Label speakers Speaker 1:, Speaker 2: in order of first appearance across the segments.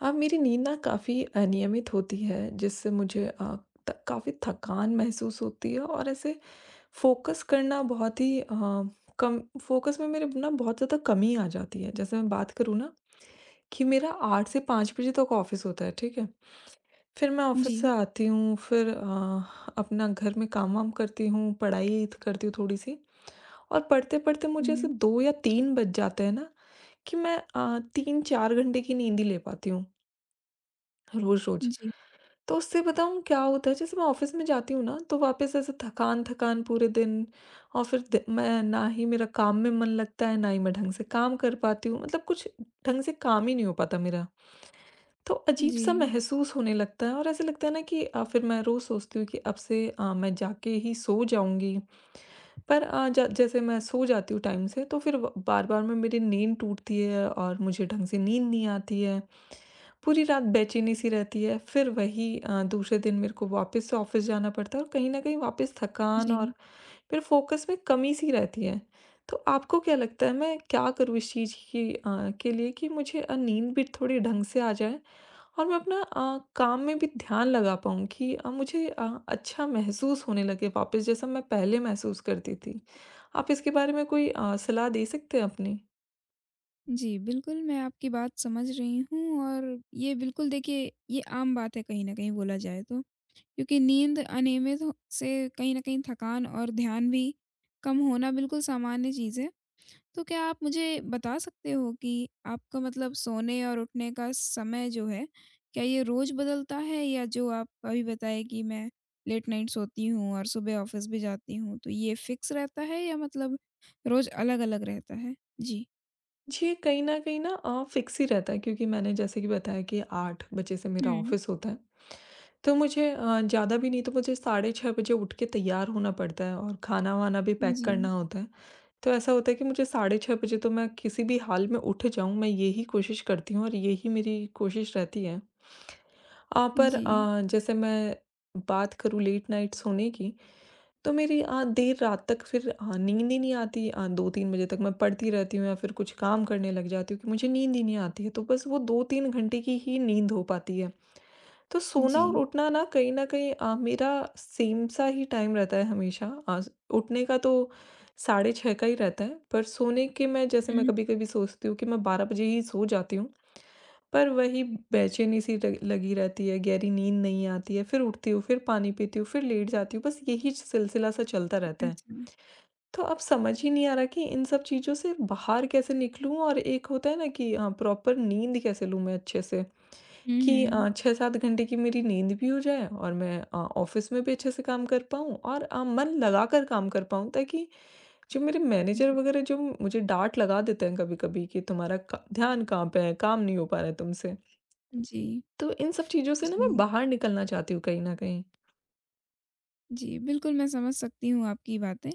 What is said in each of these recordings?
Speaker 1: अब मेरी नींद ना काफ़ी अनियमित होती है जिससे मुझे अ, त काफ़ी थकान महसूस होती है और ऐसे फ़ोकस करना बहुत ही अ, कम फ़ोकस में मेरे ब ना बहुत ज़्यादा कमी आ जाती है। जैसे मैं बात करूँ ना कि मेरा 8 से 5 बजे तक ऑफिस होता है, ठीक है। फिर मैं ऑफिस से
Speaker 2: जी।
Speaker 1: आती हूँ, फिर अ, अपना घर में काम-वाम करती हूँ, पढ़ाई त करती हूँ थोड़ी-सी और पढ़ते-पढ़ते
Speaker 2: हुँ,
Speaker 1: मुझे ऐसे
Speaker 2: हुँ।
Speaker 1: 2 या 3 बज जाते हैं ना कि मैं अ, 3-4 घंटे की नींद ही ले पाती हूँ रोज़-रोज़।
Speaker 2: जी।
Speaker 1: तो उससे बताऊँ क्या होता है, जैसे मैं ऑफिस में जाती हूँ ना, तो वापस ऐसे थकान-थकान पूरे दिन और फिर द मैं ना ही मेरा काम में मन लगता है, ना ही मैं ढंग से काम कर पाती हूँ, मतलब कुछ ढंग से काम ही नहीं हो पाता मेरा। तो अजीब-सा
Speaker 2: जी।
Speaker 1: महसूस होने लगता है और ऐसे लगता है ना कि अ, फिर मैं रोज़ सोचती हूँ कि अब से अ, मैं जाके ही सो जाऊँगी। पर अ, ज जैसे मैं सो जाती हूँ टाइम से, तो फिर व बार-बार में मेरी नींद टूटती है और मुझे ढंग से नींद नहीं आती है। पूरी रात बेचैनी-सी रहती है, फिर वही अ, दूसरे दिन मेरे को वापस से ऑफिस जाना पड़ता है और कहीं न कहीं वापस थकान
Speaker 2: जी।
Speaker 1: और फिर फ़ोकस में कमी-सी रहती है। तो आपको क्या लगता है, मैं क्या करूँ इस चीज़ की अ अ, के लिए कि मुझे अ, नींद भी थोड़ी ढंग से आ जाए और मैं अपना अ, काम में भी ध्यान लगा पाऊँ कि अ, मुझे अ, अच्छा महसूस होने लगे वापस, जैसा मैं पहले महसूस करती थी। आप इसके बारे में कोई अ, सलाह दे सकते हैं अपनी?
Speaker 2: जी, बिल्कुल, मैं आपकी बात समझ रही हूँ और ये बिल्कुल, देखिए, ये आम बात है कहीं न कहीं, बोला जाए तो। क्योंकि नींद अनियमित हो से कहीं न कहीं थकान और ध्यान भी कम होना बिल्कुल सामान्य चीज़ है। तो क्या आप मुझे बता सकते हो कि आपका मतलब सोने और उठने का समय जो है, क्या ये रोज़ बदलता है, या जो आप अभी बताए कि मैं लेट नाइट सोती हूँ और सुबह ऑफिस भी जाती हूँ, तो ये फिक्स रहता है या मतलब रोज़ अलग-अलग रहता है? जी।
Speaker 1: जी, कहीं न कहीं ना अ, फ़िक्स ही रहता है, क्योंकि मैंने जैसे कि बताया कि 8 बजे से मेरा
Speaker 2: हुँ।
Speaker 1: ऑफ़िस होता है। तो मुझे अ, ज़्यादा भी नहीं, तो मुझे साढ़े 6 बजे उठ के तैयार होना पड़ता है और खाना-वाना भी पैक करना
Speaker 2: जी।
Speaker 1: होता है। तो ऐसा होता है कि मुझे साढ़े 6 बजे तो मैं किसी भी हाल में उठ जाऊँ, मैं यही कोशिश करती हूँ और यही मेरी कोशिश रहती है। अ, पर
Speaker 2: जी।
Speaker 1: अ, जैसे मैं बात करूँ लेट नाइट सोने की, तो मेरी आ देर रात तक फिर अ, नींद ही नहीं आती अ, 2-3 बजे तक। मैं पढ़ती रहती हूँ या फिर कुछ काम करने लग जाती हूँ, क्योंकि मुझे नींद ही नहीं आती है। तो बस वो 2-3 घंटे की ही नींद हो पाती है। तो सोना और
Speaker 2: जी।
Speaker 1: उठना ना कहीं न कहीं अ, मेरा सेम सा ही टाइम रहता है हमेशा। अज़ उठने का तो साढ़े 6 का ही रहता है, पर सोने की मैं जैसे मैं
Speaker 2: हुँ।
Speaker 1: कभी-कभी सोचती हूँ कि मैं 12 बजे ही सो जाती हूँ। पर वही बेचैनी-सी लग लगी रहती है, गहरी नींद नहीं आती है। फिर उठती हूँ, फिर पानी पीती हूँ, फिर लेट जाती हूँ, बस यही चि सिलसिला-सा चलता रहता है।
Speaker 2: अच्छा।
Speaker 1: तो अब समझ ही नहीं आ रहा कि इन सब चीज़ों से बाहर कैसे निकलूँ, और एक होता है ना कि अ, प्रॉपर नींद कैसे लूँ मैं अच्छे से?
Speaker 2: हुँ,
Speaker 1: कि
Speaker 2: हुँ।
Speaker 1: अ, 6-7 घंटे की मेरी नींद भी हो जाए और मैं अ, ऑफ़िस में भी अच्छे से काम कर पाऊँ और अ, मन लगाकर काम कर पाऊँ, ताकि जो मेरे मैनेजर
Speaker 2: जी।
Speaker 1: वगैरह जो मुझे डाँट लगा देते हैं कभी-कभी कि, "तुम्हारा क ध्यान कहाँ पे है? काम नहीं हो पा रहा है तुमसे।"
Speaker 2: जी।
Speaker 1: तो इन सब चीज़ों से ना मैं
Speaker 2: जी।
Speaker 1: बाहर निकलना चाहती हूँ कहीं न कहीं।
Speaker 2: जी, बिल्कुल, मैं समझ सकती हूँ आपकी बातें।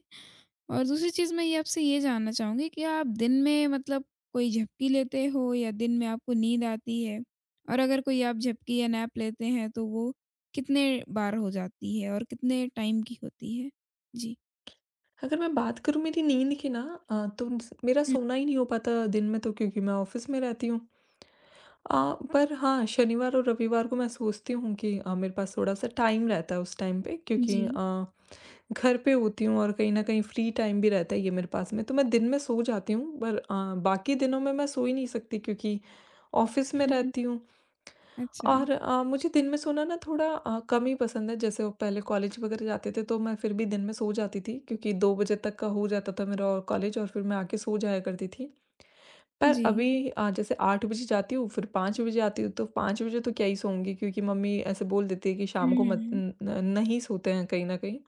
Speaker 2: और दूसरी चीज़ मैं ये आपसे ये जानना चाहूँगी कि आप दिन में मतलब कोई झपकी लेते हो या दिन में आपको नींद आती है? और अगर कोई आप झपकी या नैप लेते हैं, तो वो कितने बार हो जाती है और कितने टाइम की होती है? जी।
Speaker 1: अगर मैं बात करूँ मेरी नींद की ना अ, तोम्स मेरा
Speaker 2: हुँ।
Speaker 1: सोना ही नहीं हो पाता दिन में तो क्योंकि मैं ऑफिस में रहती हूँ। अ, पर हाँ, शनिवार और रविवार को मैं सोचती हूँ कि अ, मेरे पास थोड़ा-सा टाइम रहता है उस टाइम पे क्योंकि
Speaker 2: जी।
Speaker 1: अ, घर पे होती हूँ, और कहीं ना कहीं फ्री टाइम भी रहता है ये मेरे पास में, तो मैं दिन में सो जाती हूँ। बल अ, बाकी दिनों में मैं सो ही नहीं सकती क्योंकि ऑफिस में
Speaker 2: हुँ, हुँ।
Speaker 1: रहती हूँ।
Speaker 2: अच्छा।
Speaker 1: और अ, मुझे दिन में सोना ना थोड़ा अ, कम ही पसंद है। जैसे वो पहले कॉलेज वग़ैरह जाते थे, तो मैं फिर भी दिन में सो जाती थी क्योंकि 2 बजे तक का हो जाता था मेरा और कॉलेज, और फिर मैं आके सो जाया करती थी। पर
Speaker 2: जी।
Speaker 1: अभी अ, जैसे 8 बजे जाती हूँ, फिर 5 बजे आती हूँ, तो 5 बजे तो क्या ही सोऊँगी क्योंकि मम्मी ऐसे बोल देती है कि
Speaker 2: उ,
Speaker 1: शाम को मत
Speaker 2: हुँ।
Speaker 1: न न नहीं सोते हैं कहीं ना कहीं।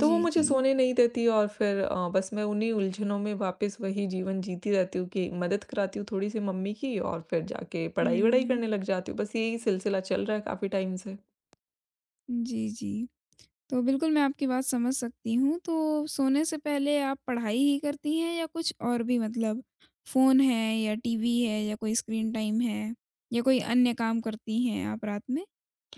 Speaker 1: तो वो मुझे
Speaker 2: जी।
Speaker 1: सोने नहीं देती और फिर अ, बस मैं उन्हीं उलझनों में वापस वही जीवन जीती रहती हूँ कि मदद कराती हूँ थोड़ी-सी मम्मी की और फिर जाके पढ़ाई-वढ़ाई
Speaker 2: हुँ।
Speaker 1: करने लग जाती हूँ। बस यही सिलसिला चल रहा है काफ़ी टाइम से।
Speaker 2: जी, जी। तो बिल्कुल मैं आपकी बात समझ सकती हूँ। तो सोने से पहले आप पढ़ाई ही करती हैं या कुछ और भी मतलब फ़ोन है या टीवी है या कोई स्क्रीन टाइम है? या कोई अन्य काम करती हैं आप रात में?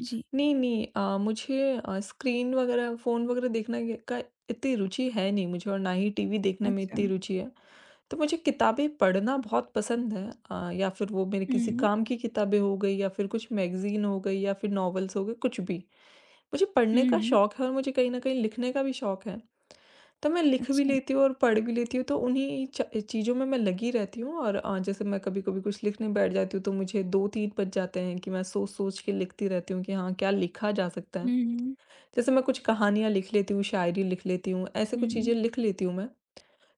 Speaker 2: जी।
Speaker 1: नहीं, नहीं अ, मुझे अ, स्क्रीन वग़ैरह, फ़ोन वग़ैरह देखने के का इतनी रुचि है नहीं मुझे और ना ही टीवी देखने में इतनी
Speaker 2: अच्छा।
Speaker 1: रुचि है। तो मुझे किताबें पढ़ना बहुत पसंद है। अ, या फिर वो मेरे किसी
Speaker 2: हुँ।
Speaker 1: काम की किताबें हो गई या फिर कुछ मैगज़ीन हो गई या फिर नॉवेल्स हो गए कुछ भी। मुझे पढ़ने
Speaker 2: हुँ,
Speaker 1: का
Speaker 2: हुँ।
Speaker 1: शौक है और मुझे कहीं न कहीं लिखने का भी शौक है। तो मैं लिख भी
Speaker 2: अच्छा।
Speaker 1: लेती हूँ और पढ़ भी लेती हूँ तो उन्ही च चीज़ों में मैं लगी रहती हूँ। और अ, जैसे मैं कभी-कभी कुछ लिखने बैठ जाती हूँ तो मुझे 2-3 बज जाते हैं कि मैं सोच-सोच के लिखती रहती हूँ कि हाँ, क्या लिखा जा सकता है।
Speaker 2: हुँ, हुँ।
Speaker 1: जैसे मैं कुछ कहानियाँ लिख लेती हूँ, शायरी लिख लेती हूँ, ऐसी कुछ चीज़ें
Speaker 2: हुँ।
Speaker 1: लिख लेती हूँ मैं।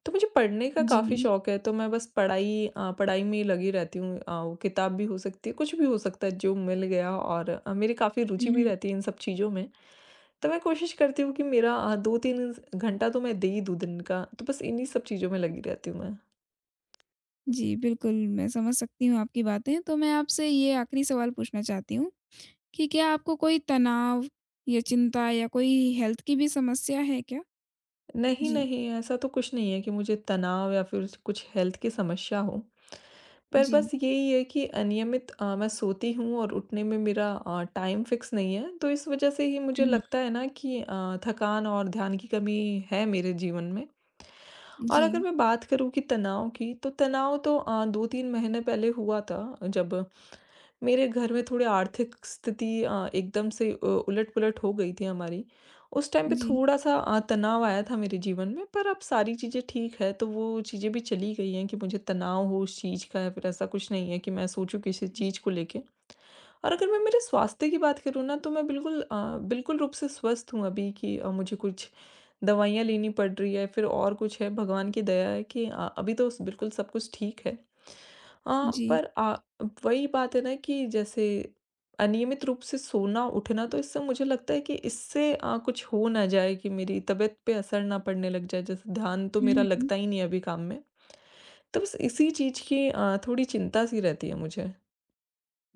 Speaker 1: तो मुझे पढ़ने का काफ़ी
Speaker 2: जी।
Speaker 1: शौक है तो मैं बस पढ़ाई अ, पढ़ाई में ही लगी रहती हूँ अ, किताब भी हो सकती है कुछ भी हो सकता है जो मिल गया और अ, मेरी काफ़ी रुचि
Speaker 2: हुँ,
Speaker 1: भी
Speaker 2: हुँ।
Speaker 1: रहती है इन सब चीज़ों में। तो मैं कोशिश करती हूँ कि मेरा अ, 2-3 घंटा तो मैं दे ही दूँ दिन का, तो बस इन्हीं सब चीज़ों में लगी रहती हूँ मैं।
Speaker 2: जी बिल्कुल, मैं समझ सकती हूँ आपकी बातें। तो मैं आपसे ये आखिरी सवाल पूछना चाहती हूँ कि क्या आपको कोई तनाव या चिंता या कोई हेल्थ की भी समस्या है क्या?
Speaker 1: नहीं,
Speaker 2: जी।
Speaker 1: नहीं ऐसा तो कुछ नहीं है कि मुझे तनाव या फिर स कुछ हेल्थ की समस्या हो। पर बस
Speaker 2: जी।
Speaker 1: यही है कि अनियमित अ, मैं सोती हूँ और उठने में मेरा अ, टाइम फिक्स नहीं है तो इस वजह से ही मुझे
Speaker 2: हुँ, हुँ।
Speaker 1: लगता है ना कि अ, थकान और ध्यान की कमी है मेरे जीवन में। और अगर
Speaker 2: जी।
Speaker 1: मैं बात करूँ कि तनाव की तो तनाव तो अ, 2-3 महीने पहले हुआ था जब, मेरे घर में थोड़े आर्थिक स्थिति अ, एकदम से अ, उलट-पुलट हो गई थी हमारी। उस टाइम पे
Speaker 2: जी।
Speaker 1: थोड़ा-सा अ, तनाव आया था मेरे जीवन में पर अब सारी चीज़ें ठीक है। तो वो चीज़ें भी चली गई हैं कि मुझे तनाव हो इस चीज़ का या फिर ऐसा कुछ नहीं है कि मैं सोचूँ किसी चीज़
Speaker 2: जी।
Speaker 1: को लेके। और अगर मैं मेरे स्वास्थ्य की बात करूँ ना तो मैं बिल्कुल अ, बिल्कुल रूप से स्वस्थ हूँ अभी की अ, मुझे कुछ दवाइयाँ लेनी पड़ रही है फिर और कुछ है भगवान की दया है कि अ, अभी तो स बिल्कुल सब कुछ ठीक है। हाँ,
Speaker 2: जी।
Speaker 1: पर अ, वही बात है ना कि जैसे अनियमित रूप से सोना-उठना तो इससे मुझे लगता है कि इससे अ, कुछ हो ना जाए कि मेरी तबीयत पे असर ना पड़ने लग जाए। जैसे ध्यान तो मेरा
Speaker 2: हुँ, हुँ।
Speaker 1: लगता ही नहीं है अभी काम में। तो बस इसी चीज़ की अ, थोड़ी चिंता-सी रहती है मुझे।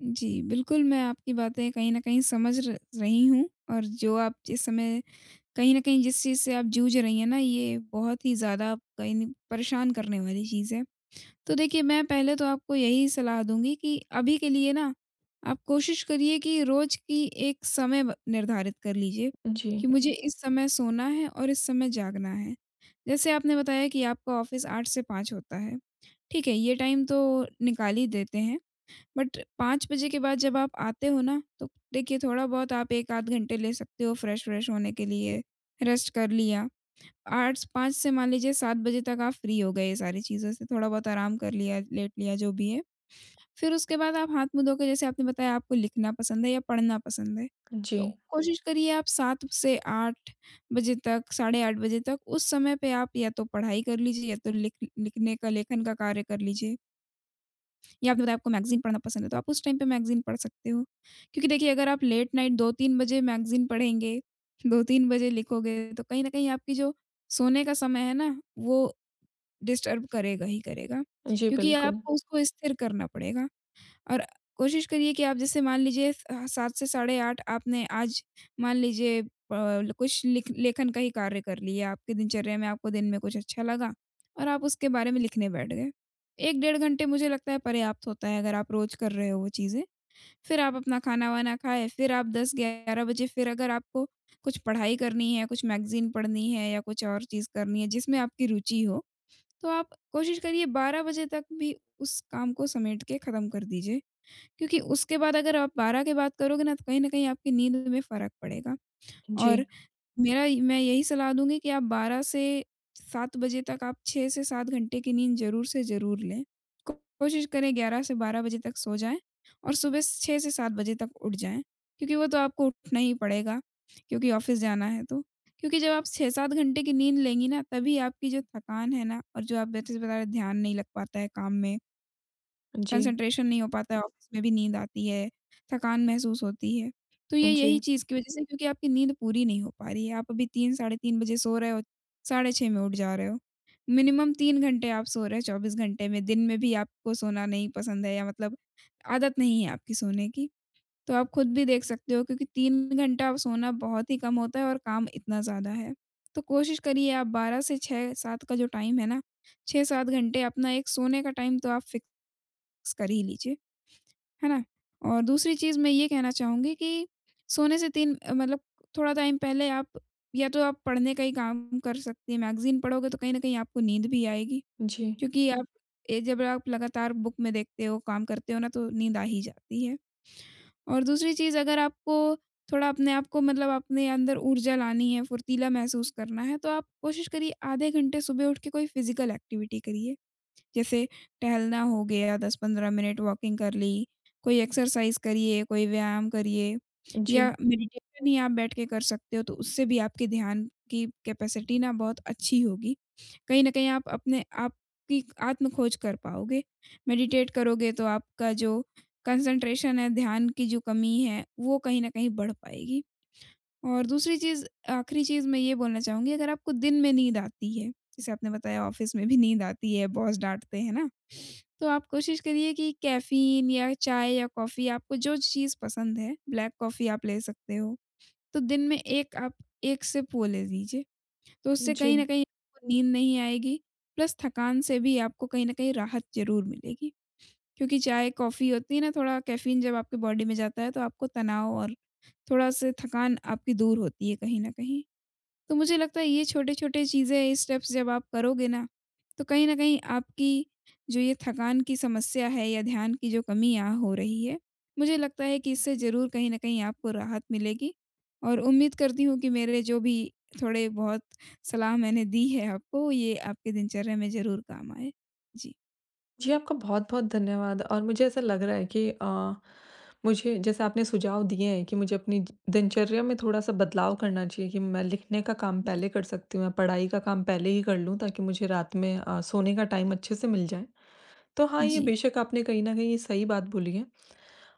Speaker 2: जी, बिल्कुल, मैं आपकी बातें कहीं न कहीं समझ र रही हूँ, और जो आप जिस समय कहीं न कहीं जिस चीज़ से आप जूझ रही हैं ना, ये बहुत ही ज़्यादा कहीं न परेशान करने वाली चीज़ है। तो देखिए, मैं पहले तो आपको यही सलाह दूँगी कि अभी के लिए ना, आप कोशिश करिए कि रोज़ की एक समय ब निर्धारित कर लीजिए,
Speaker 1: जी।
Speaker 2: कि मुझे इस समय सोना है और इस समय जागना है। जैसे आपने बताया कि आपका ऑफिस 8 से 5 होता है, ठीक है, ये टाइम तो निकाल ही देते हैं, बट 5 बजे के बाद जब आप आते हो ना, तो देखिए थोड़ा बहुत आप 1 आध घंटे ले सकते हो फ्रेश-व्रेश होने के लिए, रेस्ट कर लिया। आठ्स 5 से मान लीजिए 7 बजे तक आप फ्री हो गए ये सारी चीज़ों से, थोड़ा-बहुत आराम कर लिया, लेट लिया, जो भी है, फिर उसके बाद आप हाथ-मुँह धो के, जैसे आपने बताया आपको लिखना पसंद है या पढ़ना पसंद है, तो
Speaker 1: जी।
Speaker 2: कोशिश करिए आप 7 से 8 बजे तक, साढ़े 8 बजे तक, उस समय पे आप या तो पढ़ाई कर लीजिए या तो लिख लिखने का लेखन का कार्य कर लीजिए। या फिर आपको मैगज़ीन पढ़ना पसंद है, तो आप उस टाइम पे मैगज़ीन पढ़ सकते हो। क्योंकि देखिए, अगर आप लेट नाइट 2-3 बजे मैगज़ीन पढ़ेंगे, 2-3 बजे लिखोगे, तो कहीं न कहीं आपकी जो सोने का समय है ना, वो डिस्टर्ब करेगा ही करेगा,
Speaker 1: जी,
Speaker 2: क्योंकि
Speaker 1: बिल्कुल।
Speaker 2: आपको उसको स्थिर करना पड़ेगा। और कोशिश करिए कि आप जैसे मान लीजिए स अ, 7 से साढ़े 8 आपने आज मान लीजिए प ल कुछ लिख लेखन का ही कार्य कर लिया, आपकी दिनचर्या में आपको दिन में कुछ अच्छा लगा, और आप उसके बारे में लिखने बैठ गए। 1 डेढ़ घंटे मुझे लगता है पर्याप्त होता है अगर आप रोज़ कर रहे हो वो चीज़ें, फिर आप अपना खाना-वाना खाएँ, फिर आप 10-11 बजे फिर अगर आपको कुछ पढ़ाई करनी है, कुछ मैगज़ीन पढ़नी हैं, या कुछ और चीज़ करनी हैं जिसमें आपकी रुचि हो, तो आप कोशिश करिए 12 बजे तक भी उस काम को समेट के खत्म कर दीजिए, क्योंकि उसके बाद अगर आप 12 के बाद करोगे ना, तो कहीं न कहीं आपकी नींद में फ़र्क पड़ेगा।
Speaker 1: जी।
Speaker 2: और मेरा मैं यही सलाह दूँगी कि आप 12 से 7 बजे तक आप 6 से 7 घंटे के नींद ज़रूर से ज़रूर लें, कोशिश करें 11 से 12 बजे तक सो जाएँ, और सुबह 6 से 7 बजे तक उठ जाएँ, क्योंकि वो तो आपको उठना ही पड़ेगा क्योंकि ऑफिस जाना है तो। क्योंकि जब आप 6-7 घंटे की नींद लेंगी ना, तभी आपकी जो थकान है ना, और जो आप वो ब चीज बता रहे, ध्यान नहीं लग पाता है काम में
Speaker 1: जी।
Speaker 2: कंसंट्रेशन नहीं हो पाता है, ऑफिस में भी नींद आती है, थकान महसूस होती है। तो
Speaker 1: अ,
Speaker 2: ये यही
Speaker 1: जी।
Speaker 2: चीज़ की वजह से क्योंकि आपकी नींद पूरी नहीं हो पा रही है, आप अभी 3, साढ़े 3 बजे सो रहे हो, साढ़े 6 में उठ जा रहे हो। मिनिमम 3 घंटे आप सो रहे, 24 घंटे में, दिन में भी आपको सोना नहीं पसंद है या मतलब आदत नहीं है आपकी सोने की, तो आप खुद भी देख सकते हो क्योंकि 3 घंटा अब सोना बहुत ही कम होता है और काम इतना ज़्यादा है। तो कोशिश करिए, आप 12 से 6-7 का जो टाइम है ना, 6-7 घंटे अपना एक सोने का टाइम तो आप फिक्स कर ही लीजिए, है ना? और दूसरी चीज़ मैं ये कहना चाहूँगी कि सोने से 3 अ, मतलब थोड़ा टाइम पहले, आप या तो आप पढ़ने का ही काम कर सकती हैं, मैगज़ीन पढ़ोगे तो कहीं न कहीं आपको नींद भी आएगी,
Speaker 1: जी।
Speaker 2: क्योंकि आप ए जब आप लगातार बुक में देखते हो, काम करते हो ना, तो नींद आ ही जाती है। और दूसरी चीज़, अगर आपको थोड़ा अपने आप को मतलब अपने अंदर ऊर्जा लानी है, फुर्तीला महसूस करना है, तो आप कोशिश करिए आधे घंटे सुबह उठ के कोई फिज़िकल एक्टिविटी करिए, जैसे टहलना हो गया, 10-15 मिनट वॉकिंग कर ली, कोई एक्सरसाइज़ करिए, कोई व्यायाम करिए। या
Speaker 1: जी।
Speaker 2: मेडिटेशन ही आप बैठ के कर सकते हो, तो उससे भी आपके ध्यान की कैपेसिटी ना बहुत अच्छी होगी, कहीं न कहीं आप अपने आप कि आत्म खोज कर पाओगे। मेडिटेट करोगे तो आपका जो कंसंट्रेशन है, ध्यान की जो कमी है, वो कहीं न कहीं बढ़ पाएगी। और दूसरी चीज़ आख़िरी चीज़ मैं ये बोलना चाहूँगी, अगर आपको दिन में नींद आती है, जैसे आपने बताया ऑफिस में भी नींद आती है, बॉस डाँटते हैं ना। तो आप कोशिश करिए कि कैफ़ीन या चाय या कॉफ़ी, आपको जो चीज़ पसंद है ब्लैक कॉफ़ी आप ले सकते हो, तो दिन में 1 आप 1 सिप वो ले लीजिए, तो उससे कहीं न
Speaker 1: जी।
Speaker 2: कहीं आपको वो नींद नहीं आएगी, प्लस थकान से भी आपको कहीं न कहीं राहत ज़रूर मिलेगी। क्योंकि चाय-कॉफ़ी होती है ना, थोड़ा कैफ़ीन जब आपके बॉडी में जाता है, तो आपको तनाव और थोड़ा-सा थकान आपकी दूर होती है कहीं न कहीं। तो मुझे लगता है ये छोटे-छोटे चीज़ें, ये स्टेप्स जब आप करोगे ना, तो कहीं न कहीं आपकी जो ये थकान की समस्या है या ध्यान की जो कमी यहाँ हो रही है, मुझे लगता है कि इससे ज़रूर कहीं न कहीं आपको राहत मिलेगी। और उम्मीद करती हूँ कि मेरे जो भी थोड़े-बहुत सलाह मैंने दी है आपको, ये आपके दिनचर्या में ज़रूर काम आए। जी।
Speaker 1: जी, आपका बहुत-बहुत धन्यवाद। और मुझे ऐसा लग रहा है कि अ, मुझे जैसे आपने सुझाव दिए हैं कि मुझे अपनी ज दिनचर्या में थोड़ा-सा बदलाव करना चाहिए, कि मैं लिखने का काम
Speaker 2: जी।
Speaker 1: पहले कर सकती हूँ या पढ़ाई का काम पहले ही कर लूँ ताकि मुझे रात में अ, सोने का टाइम अच्छे से मिल जाए, तो हाँ, ये
Speaker 2: जी।
Speaker 1: बेशक आपने कहीं न कहीं ये सही बात बोली है।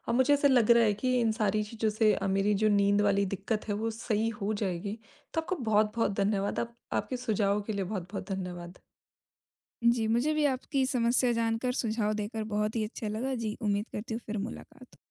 Speaker 1: अ, मुझे ऐसा लग रहा है कि इन सारी चीज़ों से अ, मेरी जो नींद वाली दिक्कत है, वो सही हो जाएगी, तो आपका बहुत-बहुत धन्यवाद, आप आपके सुझावों के लिए बहुत-बहुत धन्यवाद।
Speaker 2: जी, मुझे भी आपकी समस्या जानकर, सुझाव देकर बहुत ही अच्छा लगा। जी, उम्मीद करती हूँ फिर मुलाकात हो।